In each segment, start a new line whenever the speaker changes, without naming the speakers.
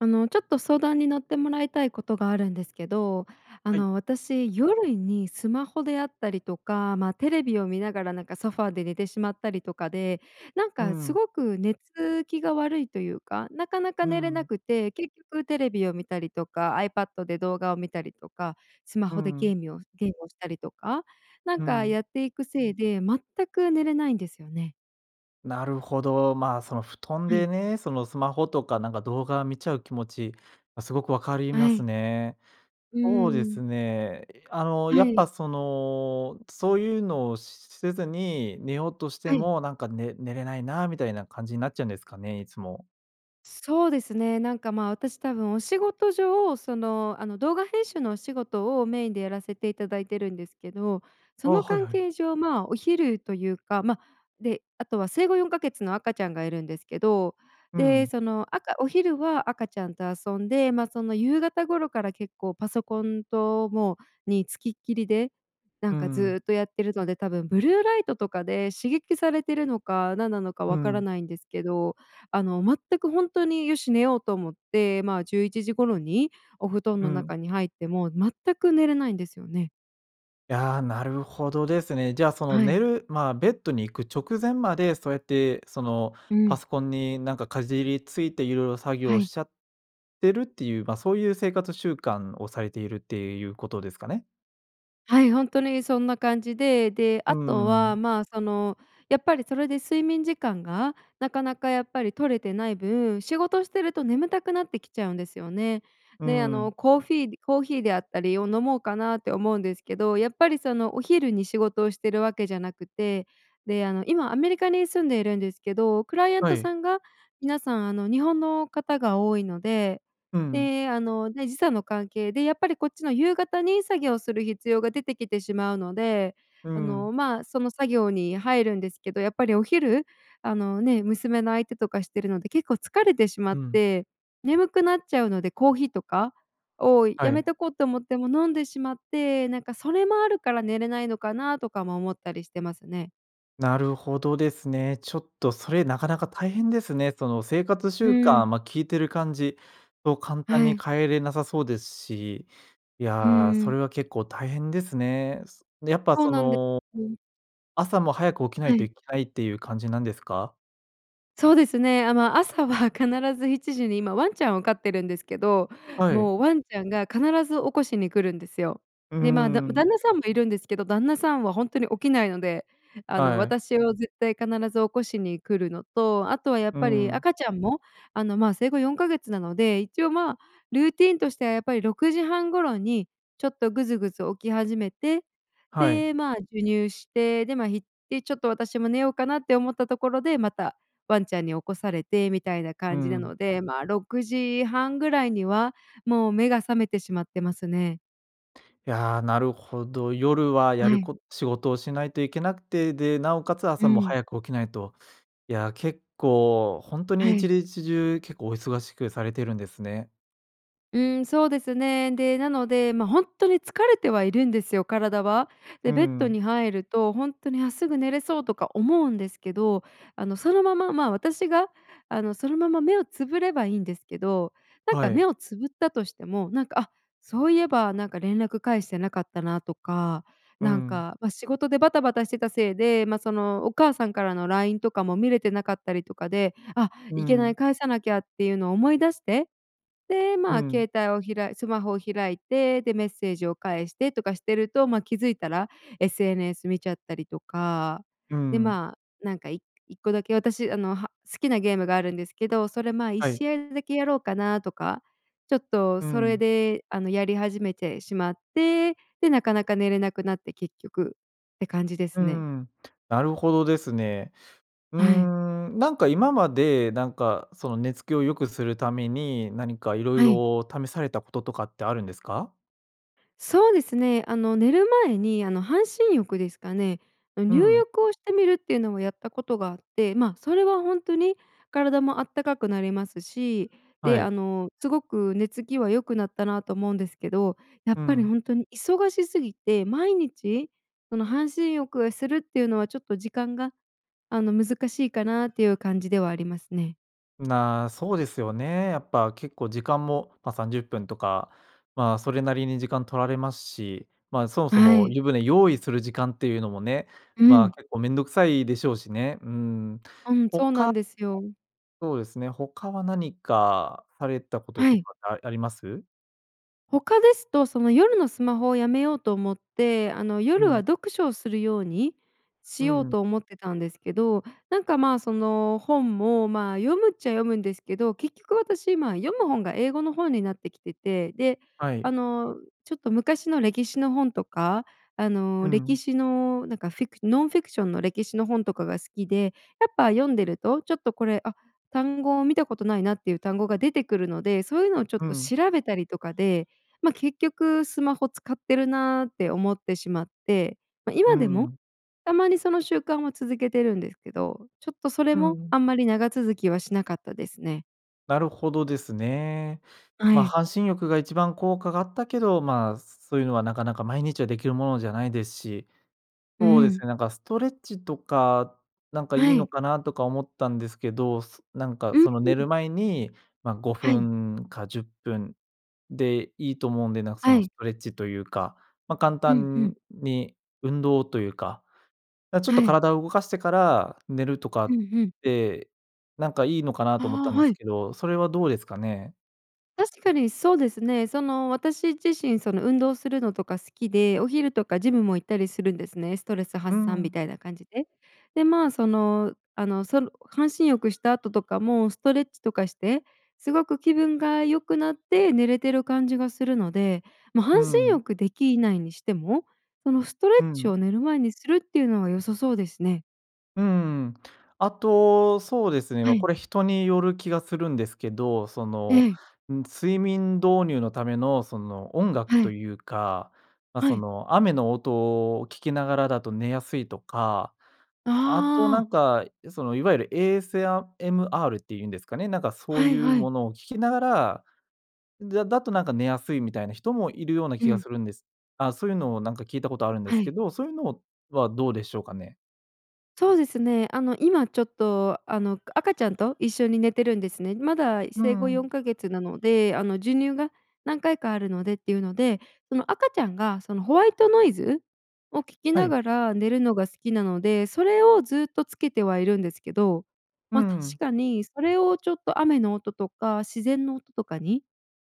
あの、ちょっと相談に乗ってもらいたいことがあるんですけど。あ
はい。
の、私、夜にスマホであったりとか、ま、テレビを見ながら、なんかソファーで寝てしまったりとかで、なん
うー
か、す
ん。
ごく寝つきが悪いというか、なかな
う
か
ー
寝れな
ん。
くて。結局テレビを見たりとか、iPad で動画を見たりとか、スマ
うー
ホでゲ
ん。
ーミﾖをゲームをしたりとか、なん
う
か
ん。
やっていくせいで、全く寝れないんですよね。
なるほど。ま、その、布団
は
で
い。
ね、その、スマホとか、なんか、動画見ちゃう気持ち、ま、すごく分かりま
は
す
い。
ね。
うー
そうで
ん。
すね、いあの、
は
やっ
い。
ぱその、そういうのをしせずに寝ようとして
はい。
も、なんか、ね寝れないな、みたいな感じになっちゃうんですかね、いつも。
そうですね、なんか、ま、私多分、お仕事上、その、あの、動画編集のお仕事を、メインでやらせていただいているんですけど。そ
ああ、
の
はい
関
はい。
係上、まあ、お昼というか、ま、で、あとは生後4か月の赤ちゃんがいるんですけど、
う
で、
ん。
そのあかお昼は赤ちゃんと遊んで、ま、その、夕方頃から結構パソコンともう、に付きっきりで、な
うー
んか
ん。
ずっとやってるので、多分ブルーライトとかで、刺激されてるのか、何なのか
う
分から
ん。
ないんですけど、あの全くほんとに、よし寝ようと思って、ま、11時頃にお布団
う
の中
ん。
に入っても、全く寝れないんですよね。
やあ、なるほどですね。じゃ、その、
はい。
寝る、まあ、ベッドに行く直前までそうやって、その、
う
パ
ん。
ソコンに、なんか、かじりついて、いろいろ作
は
業し
い。
ちゃってるっていう、ま、そういう生活習慣をされているっていうことですかね？
はい、ほんとにそんな感じで、で、
うー
あとは、
ん。
まあ、その、やっぱりそれで睡眠時間が、なかなかやっぱり取れてない分、仕事してると眠たくなってきちゃうんですよね。
うー
で、あ
ん。
の、コーフィーコーヒーであったりを飲もうかなって思うんですけど、やっぱり、その、お昼に仕事をしてるわけじゃなくて、で、あの、今アメリカに住んでいるんですけど、クライアン
は
ト
い。
さんが皆さん、あの、日本の方が多いので、
うん。
で、あの、ね、時差の関係で、やっぱりこっちの夕方に作業をする必要が出てきてしまうので、
うー
あ
ん。
の、まあ、その作業に入るんですけど、やっぱりお昼、あの、ね、娘の相手とかしてるので結構疲れてしま
う
っ
ん。
て、眠くなっちゃうので、コーヒーとかを
は
やめ
い。
とこうと思っても飲んでしまって、なんか、それもあるから寝れないのかなとかも思ったりしてますね。
なるほどですね。ちょっとそれ、なかなか大変ですね。その生活
う
習
ー
慣、
ん。
ま、聞いてる感じを簡単
は
に
い。
変えれなさそうですし。い
うー
や、それ
ん。
は結構大変ですね。すやっぱ
そう
そ
なんで
の、
す。
朝も早く起きな
は
いと
い。
いけないっていう感じなんですか？
そうですね。あ、ま、朝は必ず7時に今ワンちゃんを飼ってるんですけど、
はい。
もうワンちゃんが必ず起こしに来るんですよ。
うんう
で、ま、だ
んうん。
旦那さんもいるんですけど、旦那さんはほんとに起きないので、あの、
はい。
私を絶対必ず起こしに来るのと、あとはやっ
うー
ぱり
ん。
赤ちゃんも、あの、まあ、生後4か月なので、一応、まあ、ルーティーンとしては、やっぱり6時半頃にちょっとぐずぐず起き始めて、
はい。
で、まあ、授乳して、で、ま、ひっいちょっと私も寝ようかなって思ったところで、またワンちゃんに起こされて、みたいな
うー
感じな
ん。
ので、ま、6時半ぐらいには、もう目が覚めてしまってますね。
や、なるほど。夜はや
は
る
い。
こ仕事をしないといけなくて、で、なおかつ、
う
朝も
ん。
早く起きないと。いや、結構、ほんとに
は
いち
い。
にちじゅう結構お忙しくされているんですね。
うん、そうですね。で、なので、ま、ほんっとに疲れてはいるんですよ、体は。
うー
で、ベッド
ん。
に入るとほんとに「あ、すぐ寝れそう」とか思うんですけど、あの、そのまま、ま、私が、あの、そのまま目をつぶればいんですけど、なん
は
か
い。
目をつぶったとしても、なんか「あ、そういえばなんか連絡返してなかったな」とか、
う
なん
ん。
か、ま、仕事でバタバタしてたせいで、ま、そのお母さんからのラインとかも見れてなかったりとかで「あ、
う
いけない
ん。
返さなきゃ」っていうのを思い出して、で、
う
ま、
ん。
携帯を開いスマホを開いて、で、メッセージを返してとかしてると、ま、気づいたら SNS 見ちゃったりとか、
う
で
ん。
まあ、なんかい1個だけ、私、あの、は好きなゲームがあるんですけど、それま、いっ
はい。
しあいだけやろうかなとか、ちょっと
う
それ
ん。
であのやり始めてしまって、でなかなか寝れなくなって結局、って感じで
うー
すね。
ん。なるほどですね。うー
はい。
ん、なんか今まで、なんかその寝つきを良くするために、何か色
はい。
々試されたこととかってあるんですか？
そうですね。あの、寝る前に、あの、半身浴ですかね、
う
入
ん。
浴をしてみるっていうのをやったことがあって、ま、それはほんとに体もあったかくなりますし、
は
で、あ
い。
の、すごく寝つきは良くなったなと思うんですけど、や
う
っぱり
ん。
ほんとに忙しすぎて毎日その半身浴をするっていうのはちょっと時間が、あの、難しいかなっていう感じではありますね。
な、そうですよね。やっぱ結構時間も、ま、30分とか、ま、それなりに時間取られますし、ま、そもそ
は
も
い。
湯船用意する時間っていうのもね、
う
ま、
ん。
結構面倒くさいでしょうしね。うん、
うん、そうな
他
んですよ。
そうですね、他は何かされたこと
は
と
い。
かああります？
他ですと、その夜のスマホをやめようと思って、あの、
う
夜は
ん。
読書をするように
う
しよう
ん。
と思ってたんですけど、なんか、ま、その、本も、ま、読むっちゃ読むんですけど、結局私今、読む本が英語の本になってきてて、で、
は
あ
い。
の、ちょっと昔の歴史の本とか、あ
う
の、歴
ん。
史の、なんか、フィクノンフィクションの歴史の本とかが好きで、やっぱ読んでるとちょっとこれ、あ、単語を見たことないなっていう単語が出てくるので、そういうのをちょっ
う
と
ん。
調べたりとかで、ま、結局スマホ使ってるなって思ってしまって、ま、
う
今
ん
で
うんう
も、
ん。
たまにその習慣を続けてるんですけど、ちょっとそれ
うんう
もあ
ん。
んまり長続きはしなかったですね。
なるほどですね。
は
ま、
い。
半身浴が一番効果があったけど、ま、そういうのはなかなか、毎日はできるものじゃないですし。
うー
そうです
ん。
ね、なんかストレッチとか、なんかい
は
いの
い。
かなとか思ったんですけど。そなんか
うん。う
その
う
寝る
ん。
前に、ま、ご
は
ふ
い。
んか10分でいいと思うんで、なんかそ
は
の、ス
い。
トレッチというか、ま、簡
うん、う
単
ん。
に運動というか、あ、ちょっ
は
と
い。
体を動かしてから寝るとか
う
っ
んうん。
て、なんかいいのかな
あ
と思ったん
あ、
で
は
す
い。
けど、それはどうですかね？
確かに、そうですね。その私自身、その運動するのとか好きで、お昼とかジムも行ったりするんですね、ストレス
う
発散み
ん。
たいな感じで。で、ま、その、あの、その半身浴した後とかも、ストレッチとかして、すごく気分が良くなって、寝れてる感じがするので。ま、
うー
半身
ん。
浴できないにしても、そのストレッ
う
チを
ん。
寝る前にするっていうのは良さそうですね。
うんうん。あと、そうですね、
は
わ、こ
い。
れ人による気がするんですけど。そ
え
の、
え。
ん睡眠導入のためのその、音楽
は
と
い。
いうか、ま、
は
そ
い。
の、雨の音を聴きながらだと寝やすいとか、あとな
ああ。
んかその、いわゆる AS ヤ MR っていうんですかね、なんかそう
はい
いう
はい。
ものを聴きながら、だだとなんか寝やすいみたいな人も、いるような
う
気が
ん。
するんですあ、そういうのをなんか聞いたことあるんです
は
け
い。
ど、そういうのはどうでしょうかね？
そうですね。あの、今ちょっと、あの、赤ちゃんと一緒に寝てるんですね。まだ
う
生後よ
ん。
んかげつなので、あの、授乳が何回かあるのでっていうので、その赤ちゃんが、その、ホワイトノイズ？を聴き
は
な
い。
がら寝るのが好きなので、それをずっとつけてはいるんですけど。
うん
ま、確
うん。
かにそれをちょっと雨の音とか自然の音とかに、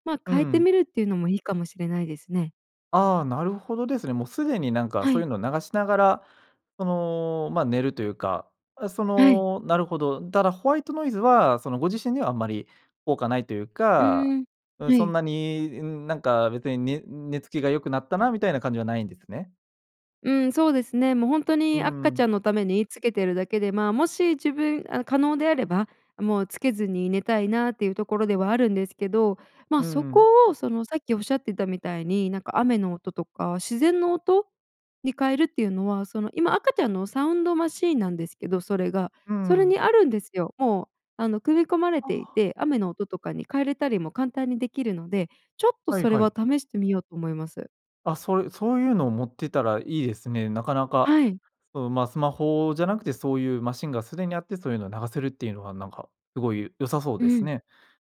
ま、
うんう
変えて
ん。
みるっていうのもいいかもしれないですね。
あ、なるほどですね。もうすでになんか
は
そうい
い。
うのを流しながら、その、ま、寝るというか、あ、そ
はい。
のなるほど。だら、ホワイトノイズは、その、ご自身にはあんまり効果ないという
う
か、
ん、
うん、
は
そん
い。
なに、うんなんか別に、ね寝つきが良くなったなみたいな感じはないんですね。
うん、そうですね。もうほんと
う
に
ん
赤
う
ち
ん。
ゃんのためにつけているだけで、ま、もし自分あの、可能であれば、もうつけずに寝たいなっていうところではあるんですけど、
う
ま、
んう
そこ
ん。
を、その、さっきおっしゃってたみたいに、なんか雨の音とか自然の音？に変えるっていうのは、その、今赤ちゃんのサウンドマシーンなんですけど、それが、
う
それ
ん。
にあるんですよ。もう、あの、組み込まれてい
あ。
て、雨の音とかに変えれたりも簡単にできるので、ちょっと
はい
それ
はい。
は試してみようと思います。
あ、そういそういうのを持ってたらいいですね。なかなか
はい。
そう、ま、スマホじゃなくて、そういうマシンがすでにあって、そういうのを流せるっていうのは、なんか、すごい良さそう
う
です
ん。
ね。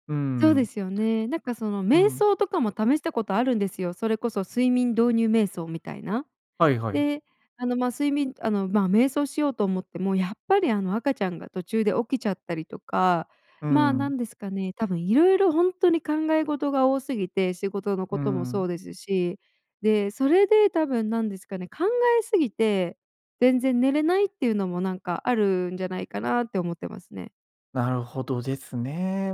うー
そうで
ん。
すよね。なんか、その、
う
瞑
ん。
想とかも試したことあるんですよ。それこそ睡眠導入瞑想みたいな。
はいはい。
で、あの、ま、睡眠あの、ま、瞑想しようと思ってもやっぱり、あの、赤ちゃんが途中で起きちゃったりとか。
うー
まあ、な
ん。
んですかね、多分色々ほんっとに考え事が多すぎて。仕事の
うー
こともそ
ん。
うですし。で、それで多分、なんですかね、考えすぎて全然寝れないっていうのも、なんか、あるんじゃないかなって思ってますね。
なるほどですね。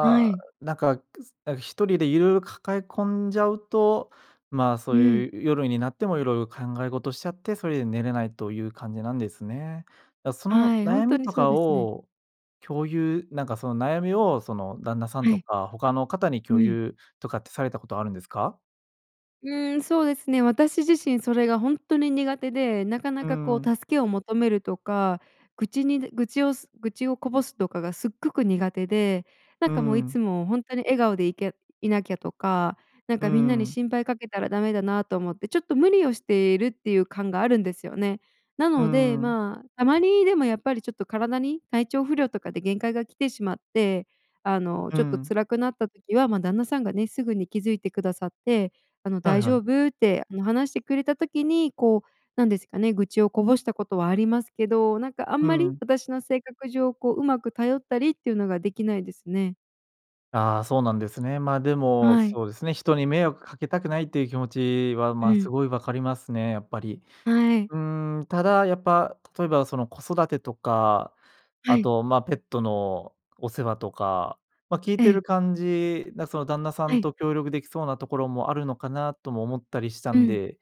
は
あ、
い。
なんか、くなん、1人でいろいろ抱え込んじゃうと、ま、そ
う
う
ん。
いうゆ夜になってもいろいろ考え事しちゃって、それで寝れないという感じなんですね。で、その
はい、ほん
悩
と
み
に
と
そう
か
ですね。
を共有なんか、その悩みを、その、旦那さん
は
と
い。
か他の方に
う
共
ん。
有とかってされたことあるんですか？
うーん、そうですね。私自身それがほんっとに苦手で、なか
う
な
ー
か、こ
ん。
う、助けを求めるとか、愚痴に愚痴をす愚痴をこぼすとかがすっごく苦手で、な
う
ん
ー
か、もう、い
ん。
つもほんとに笑顔でいけいなきゃとか、なん
うー
かみんなに
ん。
心配かけたらダメだなと思って、ちょっと無理をしているっていう感があるんですよね。な
うー
ので、
ん。
ま、たまに、でもやっぱりちょっと体に体調不良とかで限界が来てしまって、あの、
うー
ちょっと
ん。
辛くなった時は、ま、旦那さんがね、すぐに気づいてくださって、あの
はい
「大
は
丈
い。
夫？」って、も、話してくれた時に、こう、なんですかね、愚痴をこぼしたことはありますけど、なんか、あん
う
ま
ー
り
ん。
私の性格上、こう、うまく頼ったりっていうのができないですね。
あ、そうなんですね。ま、でも、
はい。
そうですね。人に迷惑かけたくないっていう気持ちは、
う
ま、す
ん。
ごい分かりますね、やっぱり。
はい。
うーん。ただ、やっぱ、例えば、その、子育てとか、
は
あ
い。
と、ま、ペットのお世話とか、ま、聞い
え
てる
え。
感じ、なその旦那さ
は
ん
い。
と協力出来そうなところもあるのかな、とも思ったりした
う
ん
ん。
で、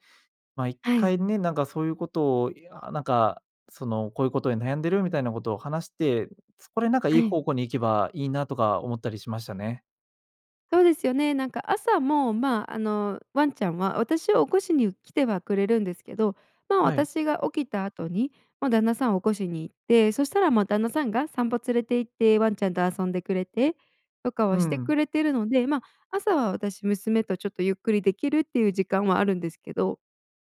ま、一
はい。
回ね、なんかそういうことを、いや、なんか、その「こういうことで悩んでる」みたいなことを話して、それ、なんか、い
は
い
い。
方向に行けばいいな、とか思ったりしましたね。
そうですよね。なんか、朝も、ま、あの、ワンちゃんは私を起こしに来てはくれるんですけど、ま、
はい。
私が起きた後に、ま、旦那さんを起こしに行って、そしたら、ま、旦那さんが散歩連れて行って、ワンちゃんと遊んでくれて、とか
うー
はして
ん。
くれてるので、ま、朝は私、娘とちょっとゆっくり出来るっていう時間はあるんですけど。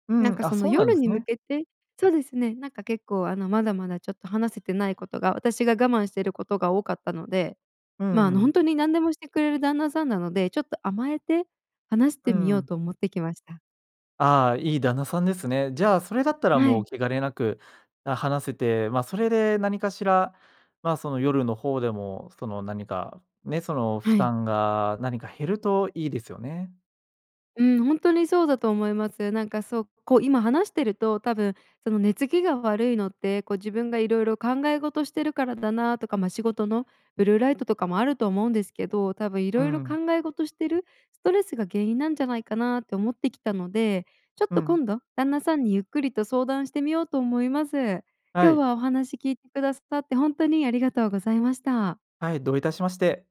う
なん
ん、
か、
あ、
その、
そうなんで
夜
す
に向
ね。
けてそうですね、なんか、結構、あの、まだまだちょっと話せてないことが、私が我慢してることが多かったので、
う
ま、
ん
あ
う
の、ほ
ん。
んとに何でもしてくれる旦那さんなので、ちょっと甘えて話し
う
て
ー
みよう
ん。
と思ってきました。
あ、いい旦那さんですね。じゃあ、それだったら
は
も
い。
う、気兼ねなく、あ、話せて、ま、それで何かしら、ま、その夜の方でも、その、何か、ね、その、負
はい。
担が何か減るといいですよね。
うーん、ほんとにそうだと思います。なんか、そう、こう今話してると、多分、その寝つきが悪いのって、こう、自分がいろいろ考え事してるからだな、とか、ま、仕事のブルーライトとかもあると思うんですけど、多分
うー
色々
ん。
考え事してるストレスが原因なんじゃないかな、と思ってきたので、ちょっ
う
と
ん。
今度、旦那さんにゆっくりと相談してみようと思います。
は
今日
い。
はお話聞いてくださって、ほんとにありがとうございました。
はい、どういたしまして。